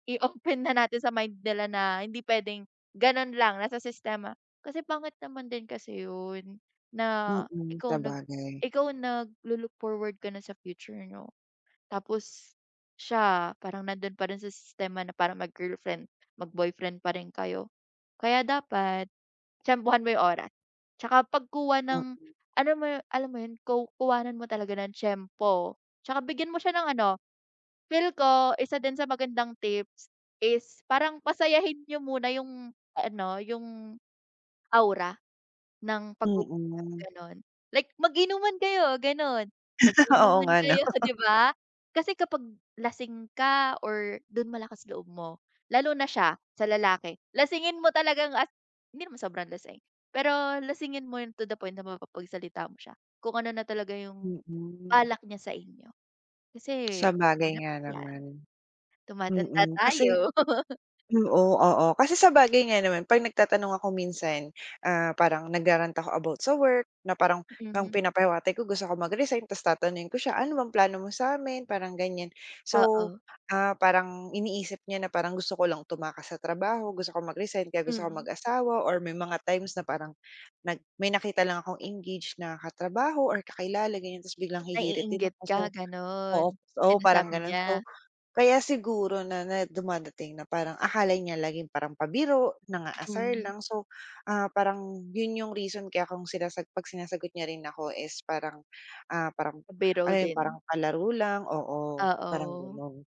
I-open na natin sa mind nila na hindi pwedeng ganun lang, nasa sistema kasi pangit naman din kasi yun, na Mm, ikaw nag sabagay. ikaw naglu-look forward ka na sa future niyo tapos siya parang nandun pa rin sa sistema na parang mag-girlfriend/mag-boyfriend pa rin kayo. Kaya dapat tiyempuhan mo yung oras, tsaka pagkuha ng Mm. alam mo yu alam mo yun ku kuhanan mo talaga ng tiyempo. Tsaka bigyan mo siya ng ano feel ko isa din sa magandang tips is parang pasayahin niyo muna yung ano yung aura ng pag uusap, Mm. gano'n. Like mag-inuman kayo ganun, Oo mag-inuman nga 'no. kayo 'di ba, kasi kapag lasing ka or dun malakas loob mo, lalo na siya, sa lalaki, lasingin mo talagang as hindi naman sobrang lasing, pero lasingin mo yung to the point na mapapagsalita mo siya, kung ano na talaga yung Mm. balak niya sa inyo, kasi Sabagay mahirap nga yan naman. tumatanda Mm, kasi, tayo. oo, oo. Kasi sabagay nga naman, 'pag nagtatanong ako minsan, ah, parang nagra-rant ako about sa work, na parang ng Mm. pinapahiwatig ko gusto ko mag-resign tapos tatanungin ko siya, ano bang plano mo sa amin, parang ganyan. So, Oo. ah, parang iniisip niya na parang gusto ko lang tumakas sa trabaho, gusto ko mag-resign kaya gusto ko Mm. mag-asawa or may mga times na parang nag may nakita lang akong engage na katrabaho or kakilala ganyan, tapos biglang hihirit din Naiinggit ako so, ka oo ganun, oo parang sinasabi gano'n, so niya. kaya siguro na na dumadating na parang akala niya laging parang pabiro nang-aasar Hmm. lang so, ah, parang yun yung reason kaya kung sinasagot pag sinasagot niya rin ako is parang, ah, parang Pabiro ano yung, parang din. palaro lang, oo, parang Oo. gano'n.